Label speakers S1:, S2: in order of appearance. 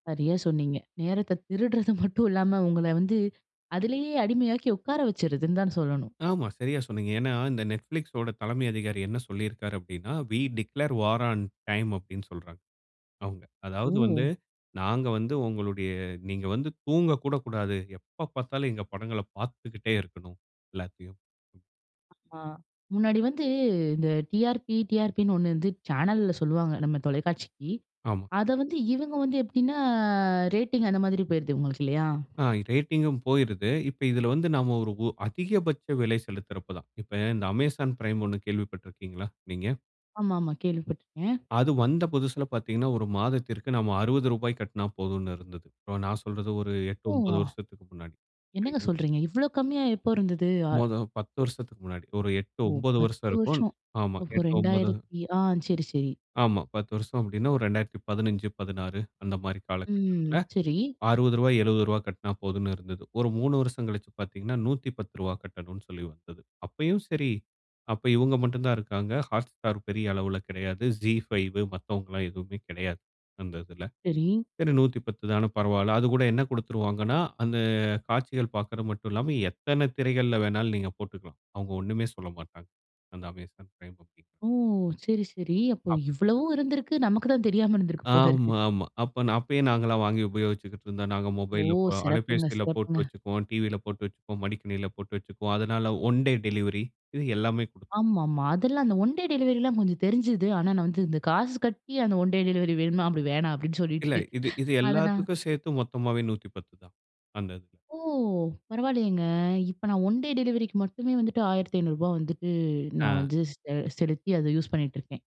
S1: சரியா சொன்னீங்க. நேரத்த திருடுறது மட்டும் இல்லாம உங்கள வந்து அதிலயே அடிமையாக்கி உட்கார வச்சுருதுன்னு தான் சொல்லணும்.
S2: ஆமா சரியா சொன்னீங்க. ஏன்னா இந்த நெட்ஃபிளிக்ஸ்ஸோட தலைமை அதிகாரி என்ன சொல்லியிருக்காரு அப்டின்னா, "வீ டிக்ளேர் வார் ஆன் டைம்" அப்டின்னு சொல்றாங்க, அவுங்க. அதாவது வந்து
S1: ம்.
S2: நாங்க வந்து உங்களுடைய நீங்க வந்து தூங்கக்கூட கூடாது. எப்ப பார்த்தாலும் எங்க படங்கள பார்த்துக்கிட்டே இருக்கனும், எல்லாத்தையும்.
S1: ஆ. முன்னாடி வந்து இந்த டிஆர்பி, டிஆர்பினு ஒண்ணு வந்து சேனல்ல சொல்லுவாங்க, நம்ம தொலைக்காட்சிக்கு.
S2: ஆமா.
S1: அத வந்து இவங்க வந்து எப்டின்னா ரேட்டிங் அந்த மாரி போயிருது இவுங்களுக்கு இல்லயா?
S2: ஆ இ ரேட்டிங்கும் போயிருது. இப்ப இதில வந்து நம்ம ஒரு ஒ அதிகபட்ச விலை செலுத்துறப்ப தான். இப்ப இந்த அமேசான் பிரைம் ஒண்ணு கேள்விப்பட்டிருக்கீங்ளா, நீங்க?
S1: ஆமா ஆமா, கேள்விப்பட்டுருக்கேன்.
S2: அது வந்த புதுசுல பார்த்தீங்கன்னா, ஒரு மாதத்திற்கு நம்ம ரூ. 60 கட்டினா போதுன்னு இருந்தது. இப்போ நான் சொல்றது ஒரு 8 9
S1: ஓவா!
S2: வருஷத்துக்கு முன்னாடி,
S1: என்னங்க
S2: சரிங்ளா?
S1: சொல்றீங்க? இவ்ளோ கம்மியா எப்போ இருந்தது? ஆ
S2: மொத 10 வருஷத்துக்கு முன்னாடி. ஒரு 8
S1: ஓ!
S2: 9 வருஷம்
S1: 10
S2: இருக்கும்.
S1: வருஷம்.
S2: ஆமா,
S1: ஓஹோ!
S2: 8 9
S1: ரெண்டாயிரத்தி ஆ சரி, சரி.
S2: ஆமா. 10 வருஷம் அப்டின்னா ஒரு 2015, 16 அந்த மாரி
S1: ம்
S2: காலகட்டத்தில
S1: சரி.
S2: ரூ. 60, ரூ. 70 கட்டினா போதும்ன்னு இருந்தது. ஒரு 3 வருஷம் கழிச்சு பார்த்தீங்கன்னா, ரூ. 110 கட்டனுன்னு சொல்லி வந்தது. அப்பயும் சரி, அப்ப இவங்க மட்டும் தான் இருக்காங்க. Hotstar பெரிய அளவில கெடையாது. Zee5, மத்தவங்களாம் எதுவுமே கெடையாது, அந்த இதில.
S1: சரி.
S2: சரி 110 தான பரவாயில்ல. அது கூட என்ன கொடுத்துருவாங்கன்னா, அந்த காட்சிகள் பார்க்கறது மட்டும் இல்லாம, எத்தனை திரைகள்ல வேணும்னாலும் நீங்க போட்டுக்கலாம். அவுங்க ஒன்னுமே சொல்லமாட்டாங்க. அந்த அமேசான் பிரைம் அப்டி.
S1: ஓ! சரி, சரி. அப்ப
S2: அப்
S1: இவ்வளவும் இருந்துருக்கு. நமக்கு தான் தெரியாம இருந்துருக்கு போலருக்கு.
S2: ஆமா, ஆமா. அப்பன் அப்பயே நாங்கலாம் வாங்கி உபயோகிச்சுக்கிட்டுருந்தோம், நாங்க
S1: ஓ!
S2: மொபைல்ல போ
S1: சிறப்புங்க
S2: அலைபேசியில போட்டு
S1: சிறப்புங்க.
S2: வச்சுக்குவோம், டிவியில போட்டு வச்சுப்போம். மடிக்கணினியில போட்டு வச்சிக்குவோம். அதனால ஒன் டே டெலிவரி இது எல்லாமே குடுத்
S1: ஆமா ஆமா. அதெல்லாம் அந்த ஒன் டே டெலிவரிலாம் கொஞ்சம் தெரிஞ்சுது. ஆனா நான் வந்து இந்த காசு கட்டி அந்த ஒன் டே டெலிவரி வேணுமா? அப்டி வேணாம், அப்டின்னு சொல்லிட்டு
S2: இல்ல. இது இது
S1: அத நான்
S2: எல்லாத்துக்கும் சேர்த்து மொத்தமாவே 110 தான் அந்த இது.
S1: ஓ! பரவாயில்லையேங்க. இப்ப நான் ஒன் டே டெலிவரிக்கு மட்டுமே வந்துட்டு ரூ. 1500 ரூபாய் வந்துட்டு
S2: ஆ.
S1: நான் வந்து செ செலுத்தி அதை யூஸ் பண்ணிட்டுருக்கேன்.